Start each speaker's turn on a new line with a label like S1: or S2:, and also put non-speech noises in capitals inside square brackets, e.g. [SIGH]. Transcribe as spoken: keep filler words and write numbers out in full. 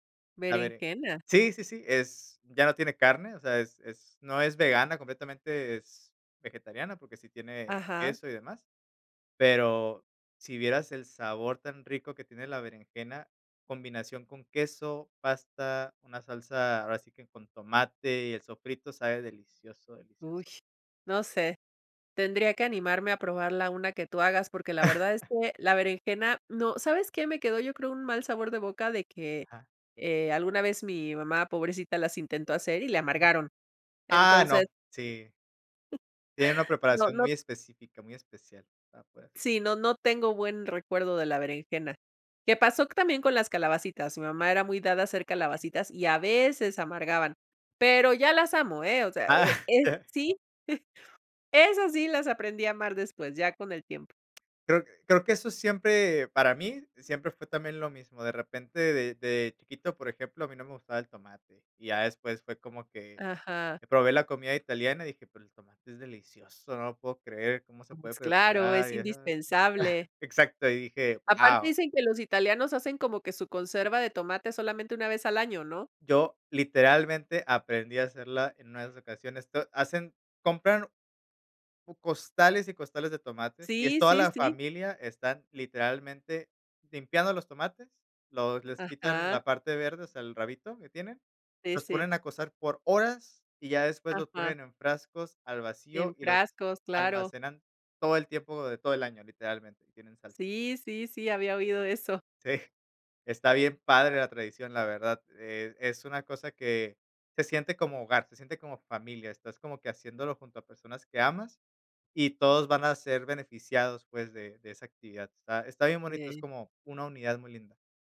S1: La bere
S2: Berenjena.
S1: sí, sí, sí, es ya no tiene carne, o sea, es es no es vegana completamente, es vegetariana, porque sí tiene
S2: Ajá.
S1: queso y demás. Pero si vieras el sabor tan rico que tiene la berenjena, combinación con queso, pasta, una salsa, ahora sí que con tomate y el sofrito, sabe delicioso, delicioso.
S2: Ush, no sé, tendría que animarme a probarla una que tú hagas, porque la verdad es
S1: [CHUCKLES]
S2: que la berenjena no ¿sabes qué? Me quedó, yo creo, un mal sabor de boca de que,
S1: Ajá.
S2: eh, alguna vez mi mamá, pobrecita, las intentó hacer, y le
S1: M
S2: amargaron,
S1: Ah, no.
S2: entonces
S1: Sí. Tiene una
S2: [CHUCKLES] No
S1: preparación
S2: no
S1: muy específica, muy especial Ah, puede ser.
S2: Sí, no no tengo buen recuerdo de la berenjena. Que pasó c también con las calabacitas, mi mamá era muy dada a hacer calabacitas y a veces amargaban, pero ya las amo, ¿eh? O sea,
S1: ¡Ah!
S2: eh eh,
S1: Qué
S2: sí, [CHUCKLES] eso sí las aprendí a amar después, ya con el tiempo.
S1: Creo creo que eso es siempre, para mí, siempre fue también lo mismo, de repente, de de chiquito, por ejemplo, a mí no me gustaba el tomate, y ya después fue como que
S2: Ajá.
S1: que probé la comida italiana y dije: "Pero el tomate es delicioso, no lo puedo creer, cómo se puede
S2: Pues claro,
S1: preparar",
S2: es
S1: ya sabes.
S2: indispensable.
S1: [CHUCKLES] Exacto, y dije:
S2: Aparte,
S1: "Guau".
S2: dicen que los italianos hacen como que su conserva de tomate solamente una vez al año, ¿no?
S1: Yo literalmente aprendí a hacerla en una de esas ocasiones, to hacen compran u costales y costales de tomates, y es
S2: Sí,
S1: toda
S2: sí,
S1: la
S2: sí.
S1: familia, están literalmente limpiando los tomates, los les quitan
S2: Ajá.
S1: la parte verde, o sea, el rabito que tienen,
S2: De
S1: los
S2: ese.
S1: ponen a cocer por horas, y ya después los
S2: Ajá.
S1: ponen en frascos al
S2: En
S1: vacío y los
S2: frascos, claro.
S1: almacenan. Todo el tiempo de todo el año, literalmente, tienen salsa.
S2: Sí, sí, sí, había oído eso.
S1: Sí, está bien padre la tradición, la verdad. Eh, es una cosa que se siente como hogar, se siente como familia, estás como que haciéndolo junto a personas que amas y todos van a ser beneficiados, pues, de de esa actividad. Está está bien bonito, es
S2: [UNINTELLIGIBLE]
S1: como una unidad muy linda.